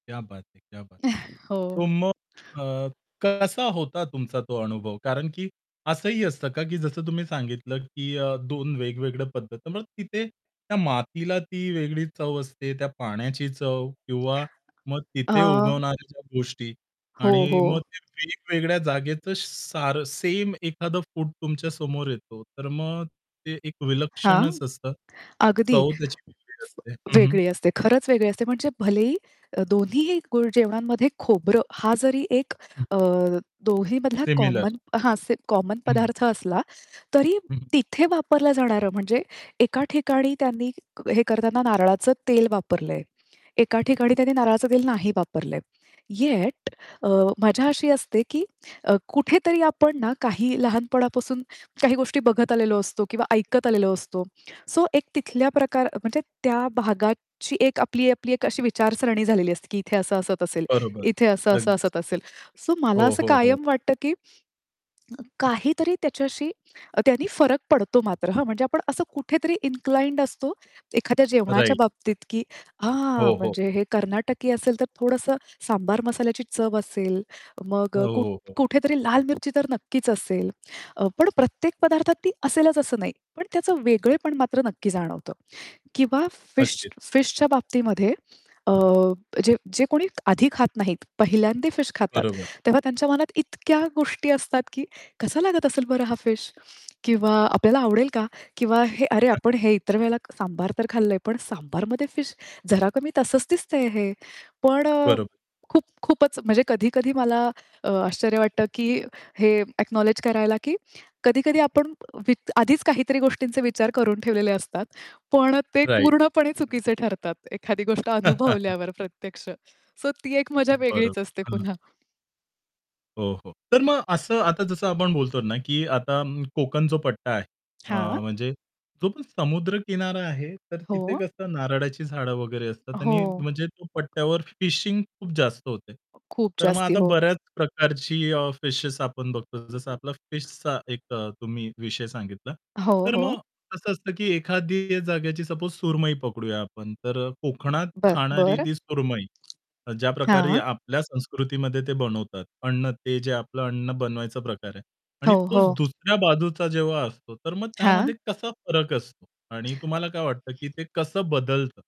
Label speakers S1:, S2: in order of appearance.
S1: क्या बात है! क्या बात है! सो
S2: हो.
S1: मग अ, कसा होता तुमचा तो अनुभव? कारण, की असंही असतं का, की जसं तुम्ही सांगितलं, की अ, 2 वेगवेगळ्या पद्धती. मग तिथे त्या मातीला ती वेगळी चव असते, त्या पाण्याची चव किंवा मग
S2: अ
S1: तिथे उगवणाऱ्या ज्या गोष्टी
S2: हो,
S1: आणि
S2: हो.
S1: मग ते वेगवेगळ्या जागेचं सारं सेम एखादं फूड तुमच्या समोर येतो, तर मग ते एक
S2: हां,
S1: विलक्षणच असतं.
S2: अगदी.
S1: चव त्याची वेगळी
S2: फ
S1: असते. हं, हं.
S2: वेगळी असते. खरंच वेगळी असते. म्हणजे भलेही अ, दोन्हीही गुळ जेवणांमध्ये खोबरं, हा जरी एक
S1: हं.
S2: अ, दोन्हीमधला
S1: सिमिलर.
S2: कॉमन हां, से कॉमन
S1: हं.
S2: पदार्थ असला, तरी
S1: हं, हं.
S2: तिथे वापरलं जाणारं, म्हणजे एका ठिकाणी त्यांनी हे करतांना नारळाचं तेल वापरलंय. एका ठिकाणी त्यांनी नारळाचं दिल नाही वापरलंय. येट अ, मज्जा अशी असते, की कुठेतरी आपण ना काही लहानपणापासून काही गोष्टी बघत आलेलो असतो किंवा ऐकत आलेलो असतो. सो एक तिथल्या प्रकार म्हणजे त्या भागाची एक आपली, आपली एक अशी विचारसरणी झालेली असते की इथे असं असत असेल,
S1: बरोबर.
S2: इथे असं-असं
S1: अगदीच
S2: असत
S1: अगदीच.
S2: असेल. सो मला
S1: हो,
S2: असं
S1: हो, हो.
S2: कायम वाटतं, की अ, काहीतरी त्याच्याशी अ, त्यांनी फरक पडतो मात्र, हां. म्हणजे आपण असं कुठेतरी इन्क्लाइंड असतो, एखाद्या जेवणाच्या
S1: राइट.
S2: बाबतीत, की हां,
S1: हो, हो.
S2: म्हणजे हे कर्नाटकी असेल, तर थोडंसं सांबार मसाल्याची चव असेल,
S1: हो,
S2: मग कुठ
S1: हो, हो.
S2: कुठेतरी लाल मिरची तर नक्कीच असेल. अ, पण प्रत्येक पदार्थात ती असेलच असं नाही. पण त्याचं वेगळेपण मात्र नक्की जाणवतं. किंवा फिश
S1: अगदीच.
S2: फिशच्या बाबतीमध्ये अ, जे जे कोणी आधी खात नाहीत, पाहिल्यांदा फिश खातात,
S1: बरोबर.
S2: तेव्हा त्यांच्या मनात इतक्या गोष्टी असतात, की कसा लागत असेल बरं हा फिश किंवा आपल्याला आवडेल का? किंवा हे अरे! आपण हे इतर वेळेला सांबार तर खाल्लंय, पण सांबारमध्ये फिश. जरा कमी तसंच दिसतंय हे. पण
S1: बरोबर.
S2: खूप खूपच म्हणजे कधी-कधी मला आश्चर्य वाटतं, की हे अ‍ॅकनॉलेज करायला, की कधी-कधी आपण वि आधीच काहीतरी गोष्टींचे विचार करून ठेवलेले असतात. पण ते
S1: राइट.
S2: पूर्णपणे
S1: [unintelligible]
S2: चुकीचे ठरतात. एखादी गोष्ट अनुभवल्यावर प्रत्यक्ष. सो ती एक मजा
S1: अं,
S2: वेगळीच
S1: बरोबर,
S2: असते
S1: हं.
S2: पुन्हा.
S1: हो, हो. तर मग असं आता जसं आपण बोलतो ना, की आता अं, कोकण जो पट्टा आहे, अ,
S2: हां.
S1: म्हणजे जो पण समुद्रकिनारा आहे, तर तिथे
S2: हो.
S1: कसं नारळाची झाडं वगैरे असतात
S2: हो.
S1: आणि म्हणजे तो पट्ट्यावर फिशिंग खूप जास्त होते.
S2: खूप
S1: तर मग
S2: जास्ती.
S1: आता
S2: हो.
S1: बऱ्याच प्रकारची अ, फिशेस आपण बघतो. जसं आपला फिशचा एक अ, तुम्ही विषय सांगितला.
S2: हो,
S1: तर मग
S2: हो.
S1: कसं असतं, की एखादी जागेची सपोज सुरमई पकडूया आपण, तर कोकणात
S2: ब
S1: खाणारी
S2: बरं.
S1: ती सुरमई अ, ज्या प्रकारे
S2: हां.
S1: आपल्या संस्कृतीमध्ये ते बनवतात. अन्न ते जे आपलं अन्न बनवायचा प्रकार आहे. आणि
S2: हो,
S1: तोच
S2: हो.
S1: दुसऱ्या बाजूचा जेव्हा असतो, तर मग
S2: हां.
S1: त्यामध्ये कसा फरक असतो आणि तुम्हाला काय वाटतं, की ते कसं बदलत?